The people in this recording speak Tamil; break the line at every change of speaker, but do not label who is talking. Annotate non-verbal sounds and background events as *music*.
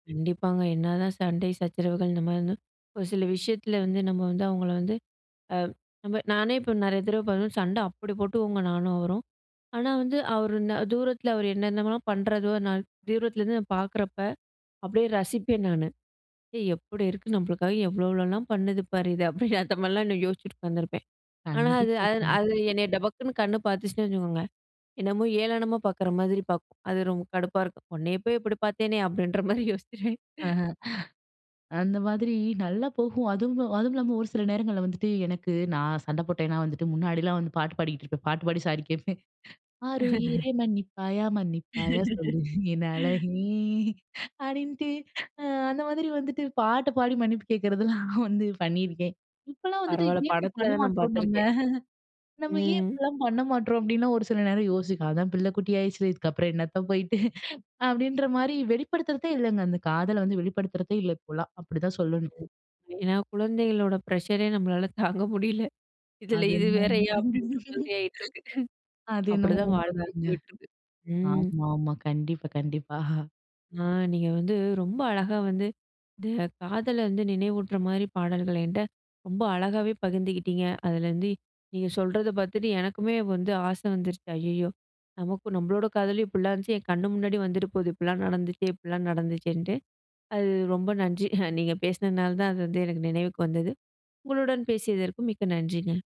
கண்டிப்பாங்க. என்னாதான் சண்டை, சச்சரவுகள் இந்தமாரினா, ஒரு சில விஷயத்தில வந்து நம்ம வந்து அவுங்கள வந்து அ நம்ம நானே இப்ப நிறைய தடவ பாத்தோன்னா. சண்ட அப்பிடி போட்டுக்குவங்க நானும், அவரும். ஆனா வந்து அவரு இன்ன தூரத்தில அவரு என்னென்னலாம் பண்றதோ! நான் தூரத்திலேருந்து நான் பாக்கிறப்ப, அப்பிடியே ரசிப்பேன் நானு. எப்புடி இருக்கு நம்மளுக்காக எவ்ளோ, எவ்வளோலாம் பண்ணுது பாரு இது, அப்பிடின்னு அந்தமாரிலாம் இன்னும் யோசிச்சுட்டு உக்காந்திருப்பேன். ஆனா, அது
கண்டிப்பா.
அ
கண்டிப்
அது என்னைய டபக்குன்னு கண்ணு பாத்துச்சுன்னு வச்சுக்கோங்க! என்னமோ ஏளனமா பாக்கிற மாதிரி பாக்கும். அது ரொம்ப கடுப்பாருக்கும். உன்னைய போய் இப்பிடி பார்த்தேனே! அப்பிடின்றமாரி யோசிச்சுருவேன்.
*chuckles* அந்த மாதிரி நல்லா போகும். அதுவும் அதுவும் இல்லாம ஒரு சில நேரங்கள்ல வந்துட்டு எனக்கு நான் சண்ட போட்டேன்னா வந்துட்டு முன்னாடிலாம் வந்து பாட்டு பாடிக்கிட்டு இருப்பேன். பாட்டு பாடி சாரி கேட்பேன் "ஆருயிரே
*laughs*
மன்னிப்பாயா! மன்னிப்பாயா! சொல்லு என்
*laughs*
அழகே!" அப்பிடின்ட்டு, அ அந்த மாதிரி வந்துட்டு பாட்டு பாடி மன்னிப்பு கேட்கிறதெல்லாம் வந்து பண்ணியிருக்கேன். இப்பலாம், வந்துட்டு
பரவால்ல
ஏன் இப்பிடி
படத்தில
பண்ண
தான் நான்
மாட்றோம்? நம்ம,
பாத்துருக்கேன்.
நம்ம ஏன்
ம்.
இப்பல்லாம் பண்ணமாட்றோம்? அப்பிடின்னு ஒரு சில நேரம் யோசிக் அதான் பிள்ள குட்டி ஆயிருச்சில்ல. இதுக்கு அப்புறம் என்னத்த போயிட்டு அப்பிடின்றமாரி வெளிப்படுத்துறதே இல்லங்க. அந்த காதல வந்து வெளிப்படுத்துறதே இல்ல, இப்போல்லாம். அப்பிடி தான் சொல்லணும்.
ஏன்னா குழந்தைகளோட ப்ரஷரே நம்மளால தாங்க முடியல இதில
அது.
இது
*unintelligible*
வேறயா? அப்பிடின்ற
*chuckles* ம்.
மாதிரி ஆயிட்டிருக்கு *chuckles*
அது என்னமோ
அப்பிடிதான்
உண்ம
வாழ்க்கையும்
தாங்க.
போயிட்டிருக்கு. ம்.
ஆமா, ஆமா. கண்டிப்பா, கண்டிப்பா.
ஆ, நீங்க வந்து ரொம்ப அழகா வந்து இந்த காதல வந்து நினைவூட்றமாரி பாடல்கள் என்ட்ட ரொம்ப அழகாவே பகிர்ந்துக்கிட்டீங்க. அதுலருந்து நீங்க சொல்றத பாத்துட்டு எனக்குமே வந்து ஆச வந்துருச்சு. ஐயய்யோ! நமக்கு நம்மளோட காதலும் இப்புட்லாம் இருந்துச்சு, என் கண்ணு முன்னாடி வந்துட்டு போகுது. இப்புட்லாம் நடந்துச்சே! இப்புட்லாம் நடந்துச்சேன்ட்டு. அது ரொம்ப நன்றி, *chuckles* நீங்க பேசினனால தான் அது வந்து எனக்கு நினைவுக்கு வந்தது. உங்களுடன் பேசியதற்கு மிக்க நன்றிங்க.